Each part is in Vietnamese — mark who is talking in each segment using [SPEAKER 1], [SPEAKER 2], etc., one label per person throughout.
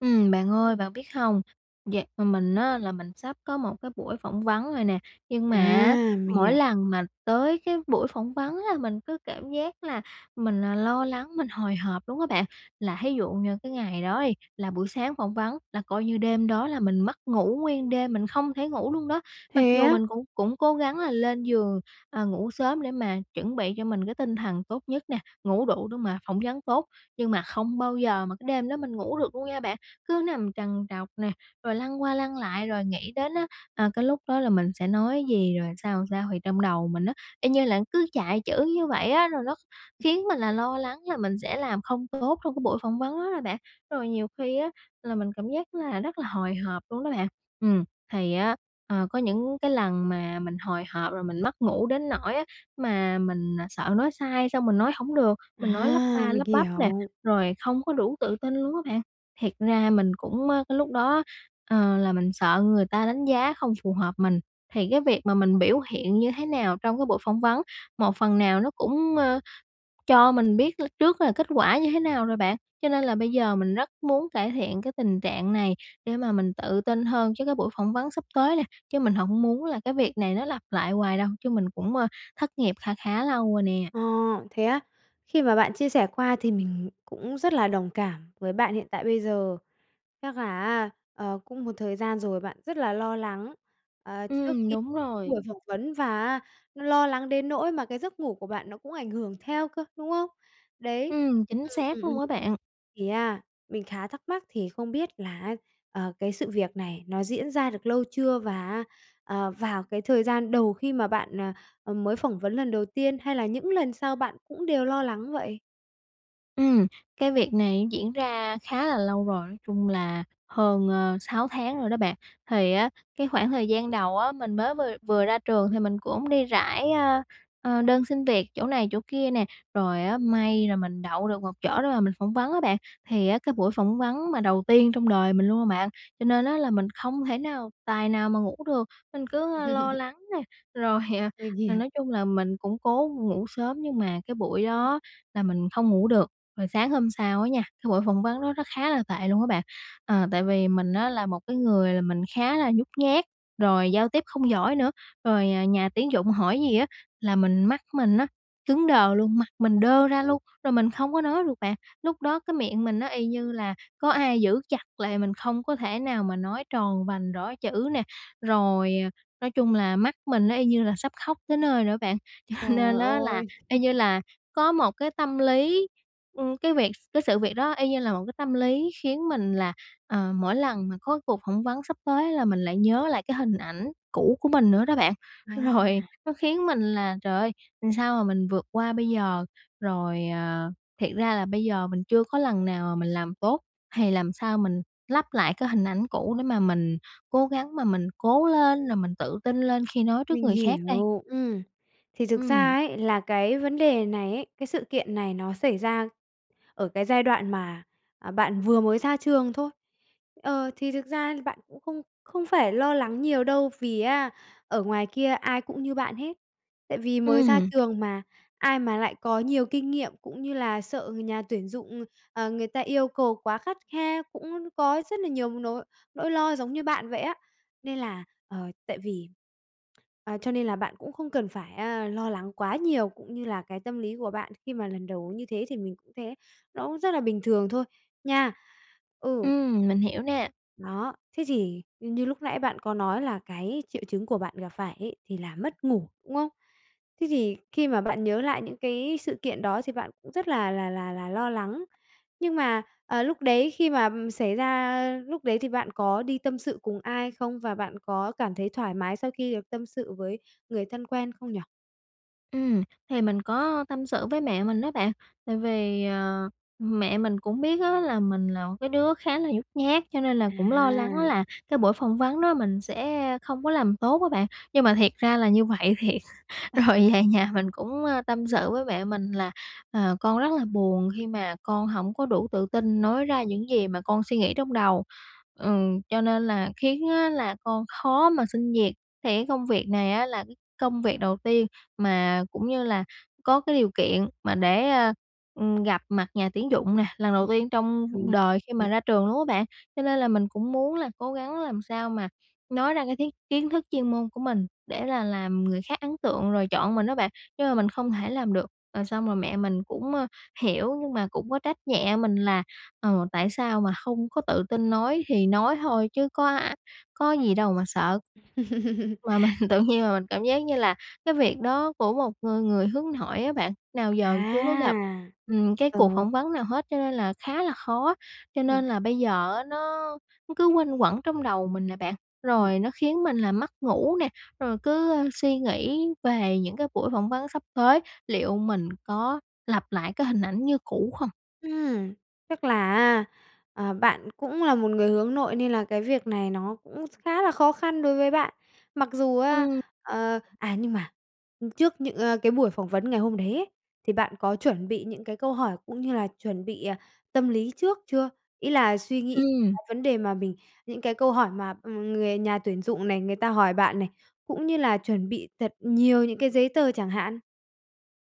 [SPEAKER 1] Ừm, bạn ơi, bạn biết hông, dạo ừm, mình á là mình sắp có một cái buổi phỏng vấn rồi nè. Nhưng mà á,
[SPEAKER 2] À, mình
[SPEAKER 1] mỗi
[SPEAKER 2] hiểu.
[SPEAKER 1] lần mà tới cái buổi phỏng vấn là mình cứ cảm giác là mình, à, lo lắng, mình hồi hộp luôn á bạn. Là thí dụ như cái ngày đó đi, là buổi sáng phỏng vấn là coi như đêm đó là mình mất ngủ nguyên đêm, mình không thể ngủ luôn đó. Mặc
[SPEAKER 2] Thế
[SPEAKER 1] dù
[SPEAKER 2] á?
[SPEAKER 1] mình cũng cũng cố gắng là lên giường, à, ngủ sớm để mà chuẩn bị cho mình cái tinh thần tốt nhất nè, ngủ đủ để mà phỏng vấn tốt, nhưng mà không bao giờ mà cái đêm đó mình ngủ được luôn nha bạn, cứ nằm trằn trọc nè, rồi lăn qua lăn lại, rồi nghĩ đến á, à, cái lúc đó là mình sẽ nói gì rồi sao, sao. Thì trong đầu mình á, y như là cứ chạy chữ như vậy á, rồi nó kh khiến mình là lo lắng là mình sẽ làm không tốt trong cái buổi phỏng vấn đó đó bạn. Rồi nhiều khi á là mình cảm giác là rất là hồi hộp luôn đó bạn. Ừm, thì á, ờ, có những cái lần mà mình hồi hộp rồi mình mất ngủ đến nỗi á mà mình sợ nói sai, xong mình nói hổng được, mình nói lắp
[SPEAKER 2] À,
[SPEAKER 1] ba
[SPEAKER 2] mình
[SPEAKER 1] lắp bắp nè,
[SPEAKER 2] hiểu.
[SPEAKER 1] rồi không có đủ tự tin luôn á bạn. Thiệt ra mình cũng, ờ, cái lúc đó á, ờ, là mình sợ người ta đánh giá không phù hợp mình. Thì cái việc mà mình biểu hiện như thế nào trong cái buổi phỏng vấn, một phần nào nó cũng, ờ, cho mình biết l trước là kết quả như thế nào rồi bạn. Cho nên là bây giờ mình rất muốn cải thiện cái tình trạng này để mà mình tự tin hơn chứ cái buổi phỏng vấn sắp tới nè. Chứ mình hổng muốn là cái việc này nó lặp lại hoài đâu chứ mình cũng, ơ, thất nghiệp kha khá lâu rồi nè.
[SPEAKER 2] Ờ, thế á? Khi mà bạn chia sẻ qua thì mình cũng rất là đồng cảm với bạn hiện tại bây giờ. Chắc là á, ờ, cũng một thời gian rồi bạn rất là lo lắng, ờ, trước
[SPEAKER 1] Ừm,
[SPEAKER 2] khi
[SPEAKER 1] đúng rồi.
[SPEAKER 2] buổi phỏng vấn và á nó lo lắng đến nỗi mà cái giấc ngủ của bạn nó cũng ảnh hưởng theo cơ, đúng không? Đấy.
[SPEAKER 1] Ừm, chính
[SPEAKER 2] Ừm,
[SPEAKER 1] xác
[SPEAKER 2] ừm, ừm.
[SPEAKER 1] luôn á bạn.
[SPEAKER 2] Thì á, mình khá thắc mắc thì không biết là á, ờ, cái sự việc này nó diễn ra được lâu chưa và á, ờ, vào cái thời gian đầu khi mà bạn, ờ, ừm, mới phỏng vấn lần đầu tiên hay là những lần sau bạn cũng đều lo lắng vậy?
[SPEAKER 1] Ừm, cái việc này diễn ra khá là lâu rồi, nói chung là hơn, ờ, 6 tháng rồi đó bạn. Thì á cái khoảng thời gian đầu á, mình mới vừa vừa ra trường thì mình cũng đi rải, ờ, ờ, đơn xin việc chỗ này chỗ kia nè, rồi á may là mình đậu được một chỗ để mà mình phỏng vấn á bạn. Thì á cái buổi phỏng vấn mà đầu tiên trong đời mình luôn mà bạn, cho nên á là mình không thể nào tài nào mà ngủ được. Mình cứ, ơ, lo lắng nè, rồi, ờ,
[SPEAKER 2] Mình
[SPEAKER 1] là
[SPEAKER 2] hiểu.
[SPEAKER 1] nói chung là mình cũng cố ngủ sớm nhưng mà cái buổi đó là mình không ngủ được. Rồi sáng hôm sau á nha, cái buổi phỏng vấn đó rất khá là tệ luôn á bạn. Ờ, tại vì mình á là một cái người là mình khá là nhút nhát, rồi giao tiếp không giỏi nữa, rồi, à, nhà tuyển dụng hỏi gì á là mình mắt mình á cứng đờ luôn, mặt mình đơ ra luôn, rồi mình không có nói được bạn. Lúc đó cái miệng mình nó y như là có ai giữ chặt lại mình không có thể nào mà nói tròn vành rõ chữ nè. Rồi, ờ, nói chung là mắt mình nó y như là sắp khóc tới nơi rồi đó bạn. Cho nên
[SPEAKER 2] Trời
[SPEAKER 1] á là
[SPEAKER 2] ơi.
[SPEAKER 1] y như là có một cái tâm lý, ừ, cái việc cái sự việc đó y như là một cái tâm lý khiến mình là, ờ, mỗi lần mà có cuộc phỏng vấn sắp tới là mình lại nhớ lại cái hình ảnh cũ của mình nữa đó bạn. Rồi
[SPEAKER 2] À.
[SPEAKER 1] nó khiến mình là "Trời ơi, sao mà mình vượt qua bây giờ?" Rồi, à, thiệt ra là bây giờ mình chưa có lần nào mà mình làm tốt thì làm sao mình lấp lại cái hình ảnh cũ để mà mình cố gắng mà mình cố lên, rồi mình tự tin lên khi nói trước
[SPEAKER 2] Mình
[SPEAKER 1] người khác đây?
[SPEAKER 2] hiểu, ừ. Thì thực
[SPEAKER 1] Ừm.
[SPEAKER 2] ra ấy, là cái vấn đề này ấy, cái sự kiện này nó xảy ra ở cái giai đoạn mà, à, bạn vừa mới ra trường thôi. Ờ, thì thực ra bạn cũng không không phải lo lắng nhiều đâu, vì á ở ngoài kia ai cũng như bạn hết. Tại vì mới ra
[SPEAKER 1] Ừm.
[SPEAKER 2] trường mà ai mà lại có nhiều kinh nghiệm cũng như là sợ người nhà tuyển dụng, ờ, người ta yêu cầu quá khắt khe, cũng có rất là nhiều nỗi nỗi lo giống như bạn vậy á. Nên là, ờ, tại vì à, cho nên là bạn cũng không cần phải, à, lo lắng quá nhiều cũng như là cái tâm lý của bạn khi mà lần đầu như thế thì mình cũng thế, nó cũng rất là bình thường thôi, nha.
[SPEAKER 1] Ừ,
[SPEAKER 2] Ừ.
[SPEAKER 1] mình hiểu nè.
[SPEAKER 2] Đó, thế thì, ưm, như lúc nãy bạn có nói, là cái triệu chứng của bạn gặp phải ấy thì là mất ngủ, đúng không? Thế thì khi mà bạn nhớ lại những cái sự kiện đó, thì bạn cũng rất là là là là lo lắng, nhưng mà, ờ, lúc đấy khi mà, ừm, xảy ra, a lúc đấy, thì bạn có đi tâm sự cùng ai không? Và bạn có cảm thấy thoải mái sau khi được tâm sự với người thân quen không nhỉ?
[SPEAKER 1] Ừm. Thì mình có tâm sự với mẹ mình á bạn, tại vì, ờ, mẹ mình cũng biết á, là mình là một cái đứa khá là nhút nhát, cho nên là cũng lo lắng
[SPEAKER 2] À!
[SPEAKER 1] là cái buổi phỏng vấn đó mình sẽ không có làm tốt á bạn, nhưng mà thiệt ra là như vậy thiệt. Rồi về nhà mình cũng, a, tâm sự với mẹ mình là "Ờ, con rất là buồn, khi mà con hổng có đủ tự tin nói ra những gì mà con suy nghĩ trong đầu. Ừm, cho nên là khiến á là con khó mà xin việc." Thì cái công việc này á là cái công việc đầu tiên, mà cũng như là có cái điều kiện mà để, a, ừm, gặp mặt nhà tuyển dụng nè, lần đầu tiên trong
[SPEAKER 2] Thì
[SPEAKER 1] đời khi mà ra trường luôn á bạn. Cho nên là mình cũng muốn là cố gắng làm sao mà nói ra cái thiết kiến thức chuyên môn của mình để là làm người khác ấn tượng rồi chọn mình á bạn, nhưng mà mình không thể làm được. Rồi xong rồi mẹ mình cũng, a, hiểu, nhưng mà cũng có trách nhẹ mình là "Ờ, tại sao mà không có tự tin nói, thì nói thôi chứ có a có gì đâu mà sợ." Mà mình tự nhiên là mình cảm giác như là cái việc đó của một người người hướng nội á bạn nào giờ chưa có gặp,
[SPEAKER 2] À!
[SPEAKER 1] ừm, cái cuộc
[SPEAKER 2] Ừ.
[SPEAKER 1] phỏng vấn nào hết, cho nên là khá là khó. Cho
[SPEAKER 2] Ừm.
[SPEAKER 1] nên là bây giờ á nó cứ quanh quẩn trong đầu mình nè bạn,
[SPEAKER 2] Ừm.
[SPEAKER 1] rồi nó khiến mình là mất ngủ nè, rồi cứ, a, suy nghĩ về những cái buổi phỏng vấn sắp tới, liệu mình có lặp lại cái hình ảnh như cũ không?
[SPEAKER 2] Ừm, chắc là á, ờ, bạn cũng là một người hướng nội, nên là cái việc này nó cũng khá là khó khăn đối với bạn. Mặc dù á,
[SPEAKER 1] Ừm.
[SPEAKER 2] ờ, à, nhưng mà, ừm, trước những à, cái buổi phỏng vấn ngày hôm đấy ấy, thì bạn có chuẩn bị những cái câu hỏi cũng như là chuẩn bị, à, tâm lý trước chưa? Ý là suy nghĩ
[SPEAKER 1] Ừm.
[SPEAKER 2] vấn đề mà mình, những cái câu hỏi mà, ừm, người nhà tuyển dụng này, người ta hỏi bạn này, cũng như là chuẩn bị thật nhiều những cái giấy tờ chẳng hạn?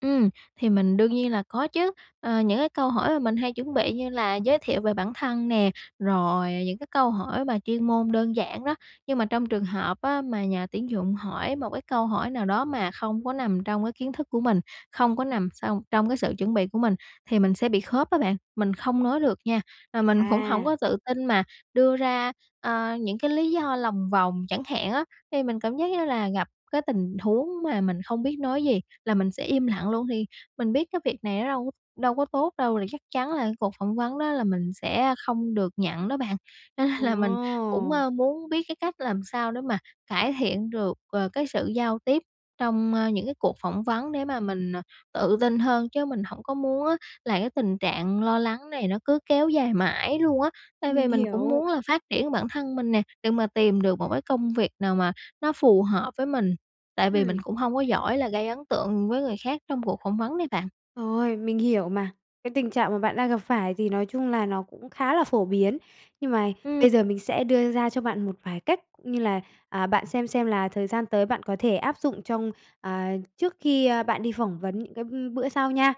[SPEAKER 1] Ừm, thì mình đương nhiên là có chứ. Ờ, những cái câu hỏi mà mình hay chuẩn bị như là giới thiệu về bản thân nè, rồi những cái câu hỏi mà chuyên môn đơn giản đó, nhưng mà trong trường hợp á mà nhà tuyển dụng hỏi một cái câu hỏi nào đó mà không có nằm trong cái kiến thức của mình, không có nằm xong trong cái sự chuẩn bị của mình, thì mình sẽ bị khớp á bạn, mình không nói được nha. Mà mình cũng hổng
[SPEAKER 2] À.
[SPEAKER 1] có tự tin mà đưa ra, ờ, những cái lý do lòng vòng chẳng hạn á. Thì mình cảm giác như là gặp cái tình huống mà mình không biết nói gì là mình sẽ im lặng luôn, thì mình biết cái việc này nó đâu đâu có tốt đâu, thì chắc chắn là cái cuộc phỏng vấn đó là mình sẽ không được nhận đó bạn, cho nên là mình cũng,
[SPEAKER 2] Ồ!
[SPEAKER 1] a, muốn biết cái cách làm sao để mà cải thiện được, ờ, cái sự giao tiếp trong, a, những cái cuộc phỏng vấn để mà mình, ờ, tự tin hơn, chứ mình hổng có muốn á là cái tình trạng lo lắng này nó cứ kéo dài mãi luôn á. Tại
[SPEAKER 2] Mình
[SPEAKER 1] vì mình cũng
[SPEAKER 2] hiểu.
[SPEAKER 1] muốn là phát triển bản thân mình nè, để mà tìm được một cái công việc nào mà nó phù hợp với mình, tại vì mình
[SPEAKER 2] Ừm.
[SPEAKER 1] cũng hông có giỏi là gây ấn tượng với người khác trong cuộc phỏng vấn đấy bạn.
[SPEAKER 2] Rồi, mình hiểu mà, cái tình trạng mà bạn đang gặp phải thì nói chung là nó cũng khá là phổ biến. Nhưng mà
[SPEAKER 1] Ừm.
[SPEAKER 2] bây giờ mình sẽ đưa ra cho bạn một vài cách cũng như là, à, bạn xem xem là thời gian tới bạn có thể áp dụng trong, à, trước khi, a, bạn đi phỏng vấn những cái bữa sau nha.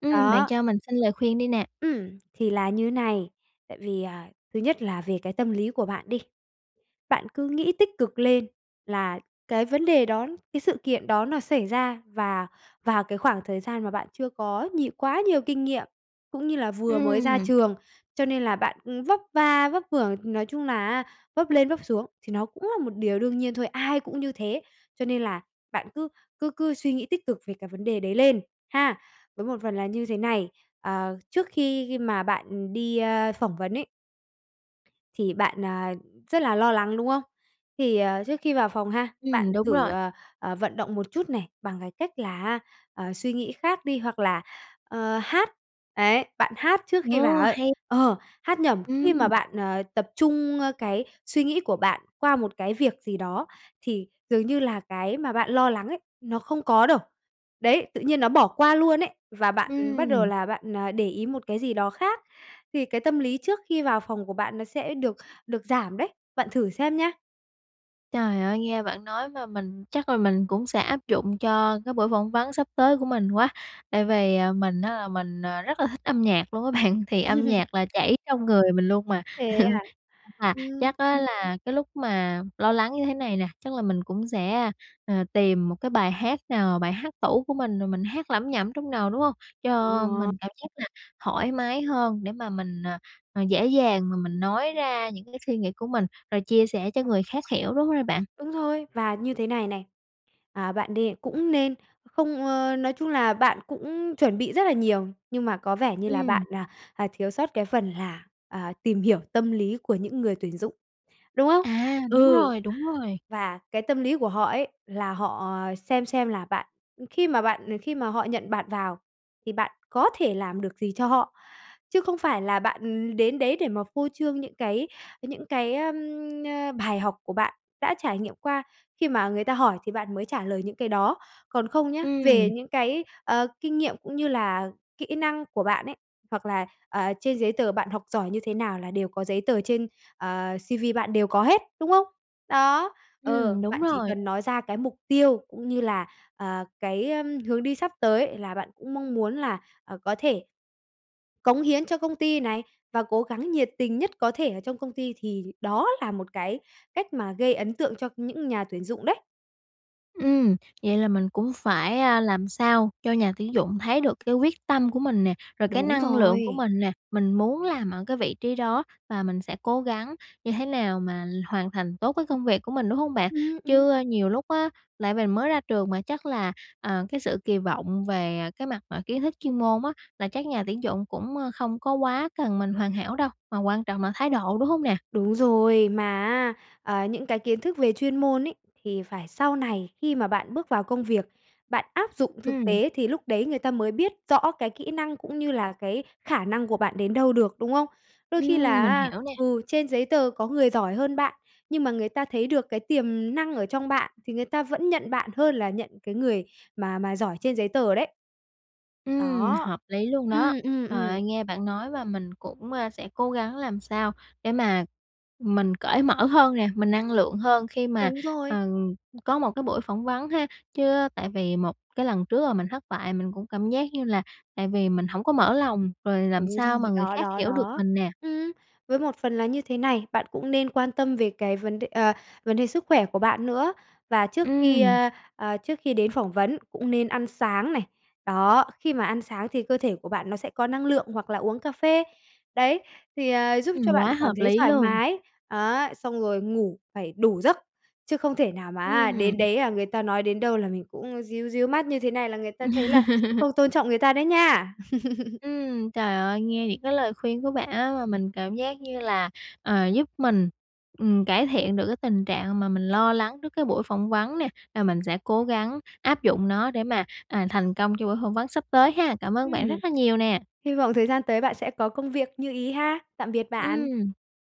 [SPEAKER 1] Ừm, bạn
[SPEAKER 2] Đó.
[SPEAKER 1] cho mình xin lời khuyên đi nè.
[SPEAKER 2] Ừm, thì là như này, tại vì, à, thứ nhất là về cái tâm lý của bạn đi, bạn cứ nghĩ tích cực lên là cái vấn đề đó, cái sự kiện đó nó xảy ra và vào cái khoảng thời gian mà bạn chưa có nhiều quá nhiều kinh nghiệm cũng như là vừa mới ra
[SPEAKER 1] Ừm.
[SPEAKER 2] trường, cho nên là bạn, ư, vấp va vấp vưởng, nói chung là á vấp lên vấp xuống thì nó cũng là một điều đương nhiên thôi, ai cũng như thế. Cho nên là bạn cứ cứ cứ suy nghĩ tích cực về cái vấn đề đấy lên, ha! Với một phần là như thế này, ờ, trước khi mà bạn đi, a, phỏng vấn ấy thì bạn, à, rất là lo lắng, đúng không? Thì, à, trước khi vào phòng ha, bạn
[SPEAKER 1] Ừm, đúng
[SPEAKER 2] thử,
[SPEAKER 1] rồi.
[SPEAKER 2] ờ, vận động một chút này, bằng cái cách là á, ờ, suy nghĩ khác đi hoặc là, ờ, hát. Đấy, bạn hát trước khi vào
[SPEAKER 1] Ồ,
[SPEAKER 2] ấy.
[SPEAKER 1] hay!
[SPEAKER 2] Ờ, hát nhẩm, khi mà
[SPEAKER 1] Ừm.
[SPEAKER 2] bạn, ờ, tập trung cái suy nghĩ của bạn qua một cái việc gì đó, thì dường như là cái mà bạn lo lắng ấy, nó không có đâu. Đấy, tự nhiên nó bỏ qua luôn ấy, và bạn bắt đầu
[SPEAKER 1] Ừm.
[SPEAKER 2] là bạn, ờ, để ý một cái gì đó khác thì cái tâm lý trước khi vào phòng của bạn nó sẽ được được giảm đấy. Bạn thử xem nha.
[SPEAKER 1] Trời ơi, nghe bạn nói mà mình chắc là mình cũng sẽ áp dụng cho cái buổi phỏng vấn sắp tới của mình quá. Tại vì, à, mình á là mình, ờ, rất là thích âm nhạc luôn á bạn, thì âm nhạc là chảy trong người mình luôn mà,
[SPEAKER 2] Thế à?
[SPEAKER 1] [unintelligible] là
[SPEAKER 2] Ừm.
[SPEAKER 1] chắc á là cái lúc mà lo lắng như thế này nè, chắc là mình cũng sẽ, ờ, tìm một cái bài hát nào, bài hát tủ của mình rồi mình hát lẩm nhẩm trong đầu, đúng hông?
[SPEAKER 2] Đúng
[SPEAKER 1] Cho
[SPEAKER 2] rồi.
[SPEAKER 1] mình cảm giác là thoải mái hơn để mà mình, à, à, dễ dàng và mình nói ra những cái suy nghĩ của mình rồi chia sẻ cho người khác hiểu, đúng rồi bạn.
[SPEAKER 2] Đúng rồi! Và như thế này này, à, bạn đê cũng nên không ơ, nói chung là bạn cũng chuẩn bị rất là nhiều, nhưng mà có vẻ như là bạn,
[SPEAKER 1] Ừm.
[SPEAKER 2] à, à, thiếu sót cái phần là, à, tìm hiểu tâm lý của những người tuyển dụng, đúng không?
[SPEAKER 1] À, đúng
[SPEAKER 2] Ừ,
[SPEAKER 1] rồi, đúng rồi.
[SPEAKER 2] và cái tâm lý của họ ấy, là họ, à, xem xem là bạn, ừm, khi mà bạn ờ, khi mà họ nhận bạn vào thì bạn có thể làm được gì cho họ, chứ không phải là bạn, ừ, đến đấy để mà phô trương những cái những cái, ờm, ơ, bài học của bạn đã trải nghiệm qua. Khi mà người ta hỏi thì bạn mới trả lời những cái đó, còn không nhớ, về
[SPEAKER 1] Ừm.
[SPEAKER 2] những cái, ờ, kinh nghiệm cũng như là kỹ năng của bạn ấy, hoặc là, ờ, trên giấy tờ bạn học giỏi như thế nào là đều có giấy tờ trên, ờ, CV bạn đều có hết, đúng không? Đó, ờ,
[SPEAKER 1] Ừm, đúng
[SPEAKER 2] bạn chỉ
[SPEAKER 1] rồi.
[SPEAKER 2] cần nói ra cái mục tiêu cũng như là, ờ, cái, ờm, hướng đi sắp tới là bạn cũng mong muốn là, à, có thể cống hiến cho công ty này và cố gắng nhiệt tình nhất có thể ở trong công ty, thì đó là một cái cách mà gây ấn tượng cho những nhà tuyển dụng đấy.
[SPEAKER 1] Ừm, vậy là mình cũng phải, a, làm sao cho nhà tuyển dụng thấy được cái quyết tâm của mình nè, rồi cái
[SPEAKER 2] Đúng
[SPEAKER 1] năng lượng của
[SPEAKER 2] rồi.
[SPEAKER 1] mình nè, mình muốn làm ở cái vị trí đó, và mình sẽ cố gắng như thế nào mà l hoàn thành tốt cái công việc của mình, đúng hông bạn?
[SPEAKER 2] Ừm, ừm.
[SPEAKER 1] Chứ nhiều lúc á, lại mình mới ra trường mà, chắc là, à, cái sự kỳ vọng về, à, cái mặt mà kiến thức chuyên môn á, là chắc nhà tuyển dụng cũng, a, không có quá cần mình hoàn hảo đâu, mà quan trọng là thái độ, đúng hông nè?
[SPEAKER 2] Đúng rồi, mà á, ờ, những cái kiến thức về chuyên môn ấy, thì phải sau này khi mà bạn bước vào công việc, bạn áp dụng thực
[SPEAKER 1] Ừm.
[SPEAKER 2] tế thì lúc đấy người ta mới biết rõ cái kỹ năng, cũng như là cái khả năng của bạn đến đâu được, đúng không? Đôi khi
[SPEAKER 1] Ừm,
[SPEAKER 2] là
[SPEAKER 1] mình
[SPEAKER 2] á,
[SPEAKER 1] hiểu nè.
[SPEAKER 2] ừ, trên giấy tờ có người giỏi hơn bạn, nhưng mà người ta thấy được cái tiềm năng ở trong bạn, thì người ta vẫn nhận bạn, hơn là nhận cái người mà mà giỏi trên giấy tờ đấy.
[SPEAKER 1] Ừm,
[SPEAKER 2] Đó.
[SPEAKER 1] hợp lý luôn đó.
[SPEAKER 2] Ừm, ừm,
[SPEAKER 1] Trời
[SPEAKER 2] ừm.
[SPEAKER 1] ơi, nghe bạn nói và mình cũng, a, sẽ cố gắng làm sao để mà mình cởi mở hơn nè, mình năng lượng hơn, khi mà,
[SPEAKER 2] Đúng rồi.
[SPEAKER 1] ừm, có một cái buổi phỏng vấn ha. Chứ, a, tại vì một cái lần trước là mình thất bại, mình cũng cảm giác như là tại vì mình hổng có mở lòng, rồi làm
[SPEAKER 2] Đúng
[SPEAKER 1] sao
[SPEAKER 2] rồi,
[SPEAKER 1] mà người
[SPEAKER 2] đó,
[SPEAKER 1] khác
[SPEAKER 2] đó,
[SPEAKER 1] hiểu được
[SPEAKER 2] đó.
[SPEAKER 1] mình nè.
[SPEAKER 2] Ừm, với một phần là như thế này, bạn cũng nên quan tâm về cái vấn đ ờ, vấn đề sức khỏe của bạn nữa, và trước khi,
[SPEAKER 1] Ừm.
[SPEAKER 2] ơ, ờ, trước khi đến phỏng vấn cũng nên ăn sáng này. Đó, khi mà ăn sáng thì cơ thể của bạn nó sẽ có năng lượng, hoặc là uống cà phê, đấy, thì, à, giúp
[SPEAKER 1] Ừm,
[SPEAKER 2] cho bạn
[SPEAKER 1] quá
[SPEAKER 2] cảm
[SPEAKER 1] hợp
[SPEAKER 2] thấy
[SPEAKER 1] lý
[SPEAKER 2] thoải
[SPEAKER 1] luôn.
[SPEAKER 2] mái, á, xong rồi ngủ phải đủ giấc, chứ không thể nào mà á, đến
[SPEAKER 1] Ừm.
[SPEAKER 2] đấy, à, người ta nói đến đâu là mình cũng ríu ríu mắt như thế này là người ta thấy là không tôn trọng người ta đấy nha.
[SPEAKER 1] Ừm, trời ơi, nghe những cái lời khuyên của bạn á, mà mình cảm giác như là, ờ, giúp mình, ừm, cải thiện được cái tình trạng mà mình lo lắng trước cái buổi phỏng vấn nè. Và mình sẽ cố gắng áp dụng nó, để mà, à, thành công cho buổi phỏng vấn sắp tới ha. Cảm ơn bạn
[SPEAKER 2] Ừm.
[SPEAKER 1] rất là nhiều nè.
[SPEAKER 2] Hy vọng thời gian tới bạn sẽ có công việc như ý ha. Tạm biệt bạn.
[SPEAKER 1] Ừm.